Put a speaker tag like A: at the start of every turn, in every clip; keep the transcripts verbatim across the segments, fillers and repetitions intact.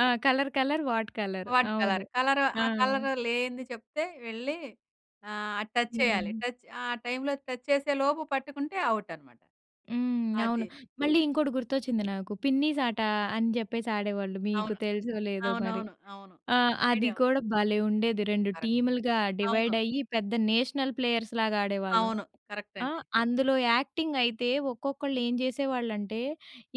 A: ఆ! Colour, colour, what colour.
B: What
A: అవును.
B: Colour. Colour
A: ఆ!
B: ఆ కలరు లేనిది చెప్తే వెళ్లి ఆహ్, టచ్ చేయాలి.
A: హ్మ్.
B: టచ్ ఆ టైమ్‌లో టచ్ చేసే లోపు పట్టుకుంటే అవుట్టన్నమాట.
A: హ్మ్. అవును.
B: అదే.
A: మళ్ళీ ఇంకొకడి గుర్తొచ్చింది నాకు. పిన్నీసాట అని చెప్పేసి ఆడేవాళ్ళు. మీకు
B: అవును.
A: తెలుసో లేదో మరి!
B: అవునవును. అవును.
A: ఆ! అది
B: ఐడియా
A: కూడా భలే ఉండేది. రెండు
B: కరెక్ట్.
A: టీములుగా డివైడ్
B: అవును.
A: అయ్యి పెద్ద నేషనల్ ప్లేయర్స్ లాగా ఆడేవాళ్ళం.
B: అవును. కరెక్ట్
A: ఆ!
B: అండి.
A: అందులో యాక్టింగ్ అయితే ఒక్కొక్కళ్ళు ఏం జేసేవాళ్ళంటే,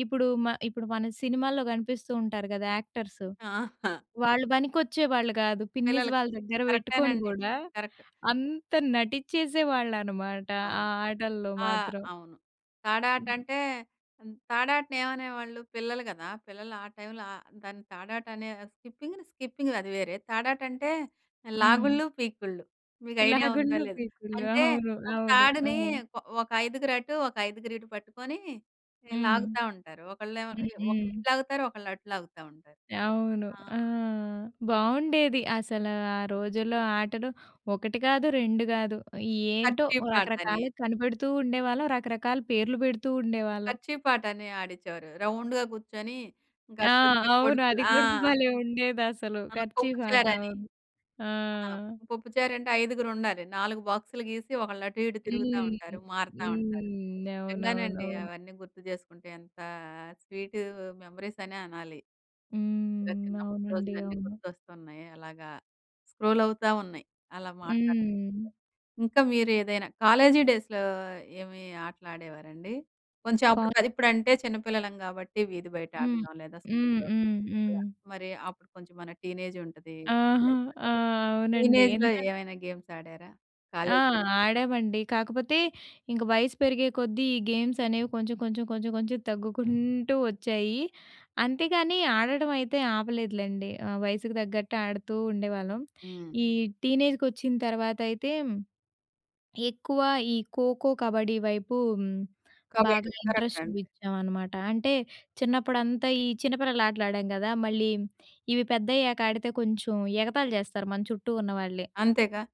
A: ఇప్పుడు మ ఇప్పుడు మన సినిమాల్లో కనిపిస్తూ ఉంటారు గదా! యాక్టర్స్.
B: ఆహా!
A: వాళ్ళు బనికొచ్చేవాళ్ళు గాదు. పిన్నీస్
B: పిల్లలకి.
A: వాళ్ళ దగ్గర పెట్టుకొని
B: కరెక్టేనండి.
A: గూడా
B: కరెక్ట్.
A: అంత నటించేసేవాళ్ళన్నమాట. ఆ
B: అవును.
A: ఆటల్లో
B: ఆ!
A: మాత్రం.
B: అవును.
A: హ్మ్.
B: తాడాటంటే హ్మ్, తాడాటని ఏమనేవాళ్ళు? పిల్లలు గదా, పిల్లలు ఆ టైమ్‌లో ఆహ్, దాన్ని తాడాట అనే స్కిపింగ్‌ని, స్కిపింగ్ అది వేరే. తాడాటంటే
A: హ్మ్.
B: లాగుళ్ళు, పీకుళ్ళు. మీకు ఐడియా ఉందా
A: లాగుళ్ళు,
B: లేదా?
A: పీకుళ్ళు.
B: అంటే
A: అవును.
B: ఒక
A: అవును. ఆ!
B: తాడుని కొ ఒక ఐదుగురు అటు, ఒక ఐదుగురు ఇటు పట్టుకొని ఈ
A: హ్మ్.
B: లాగుతావుంటారు. ఒక్కలేమో
A: హ్మ్,
B: ఇ ఒకళ్ళు
A: హ్మ్.
B: ఇటు లాగుతారు, ఒకళ్ళు అటు లాగుతా ఉంటారు.
A: అవును.
B: ఆ!
A: ఆ! బావుండేది అసల ఆ రోజుల్లో ఆటలు ఒకటి కాదు, రెండు గాదు. ఏంటో
B: కర్చీఫ్ ఆటని.
A: రకరకాలుగా కనిపెడుతూ ఉండేవాళ్ళం. రకరకాల పేర్లు పెడుతూ ఉండేవాళ్ళం.
B: కర్చీఫ్ ఆటని ఆడిచేవారు. రౌండ్‌గా కూర్చొని
A: ఆ!
B: గద్దొచ్చే కోడి
A: అవును.
B: పిల్ల
A: అది
B: ఆ!
A: కూడా భలే ఉండేదసలు.
B: ఆ! పోప్పు
A: కెర్చీఫ్ ఆట.
B: చారని.
A: అవును. ఆ!
B: ఆ! పోప్పుచారంటే ఐదుగురుండాలి. నాలుగు బాక్సులు గీసి ఒకళ్ళు అటు, ఇటు తిరుగుతా
A: హ్మ్.
B: ఉంటారు. మారతా ఉంటారు.
A: హ్మ్.
B: నిజంగానండి.
A: అవునవునవును.
B: అవన్నీ గుర్తు చేసుకుంటే ఎంత స్వీటు మెమోరీస్ అనె అనాలి. ద
A: హ్మ్.
B: చిన్నప్పుడు
A: అవునండి.
B: రోజులన్నీ
A: అవును.
B: గుర్తొస్తున్నాయి. అలాగా స్క్రోల్ అవుతా ఉన్నాయి. అలా మాట్లాడు
A: హ్మ్.
B: ఇంకా మీరు ఏదైనా కాలేజీ డేస్‌లో ఏమి ఆటలు ఆడేవారండి? కొంచెం
A: కా
B: అప్పుడు అది ఇప్పుడంటే చిన్న పిల్లలం గాబట్టి వీధి బయట
A: హ్మ్,
B: ఆడతాం. లేదా
A: హ్మ్,
B: స్కూల్‌లో
A: హ్మ్, హ్మ్.
B: అలా. మరి అప్పుడు కొంచెం మన టీనేజుంటది.
A: ఆహా!
B: [unintelligible]
A: ఆ! అవునండి.
B: టీనేజ్‌లో
A: ఎందుకం
B: ఏమైనా గేమ్స్ ఆడారా,
A: ఆ!
B: కాలేజిలో?
A: ఆడామండి. కాకపోతే ఇంక వయసు పెరిగే కొద్దీ ఈ గేమ్స్ అనేవి కొంచెం కొంచెం, కొంచెం కొంచెం తగ్గుకుంటూ వచ్చాయి. అంతేగాని ఆడడమైతే ఆపలేదులెండి. ఆ! వయసుకు తగ్గట్టు ఆడుతూ ఉండేవాళ్ళం.
B: హ్మ్.
A: ఈ టీనేజ్‌కొచ్చిన తర్వాతయితే ఎక్కువ ఈ ఖోఖో, కబడ్డీ వైపు బాగా
B: కబడ్డీ. కరెక్ట్
A: ఇంట్రెస్ట్
B: అండి.
A: చూయిచాం అనమాట. అంటే చిన్నప్పుడంతా ఈ చిన్న పిల్లలటలు ఆడాం గదా! మళ్ళీ ఇవి పెద్దయ్యాక ఆడితే కొంచెం ఎగతాళి జాస్తారు మన చుట్టూ ఉన్న వాళ్ళే.
B: అంతేగా.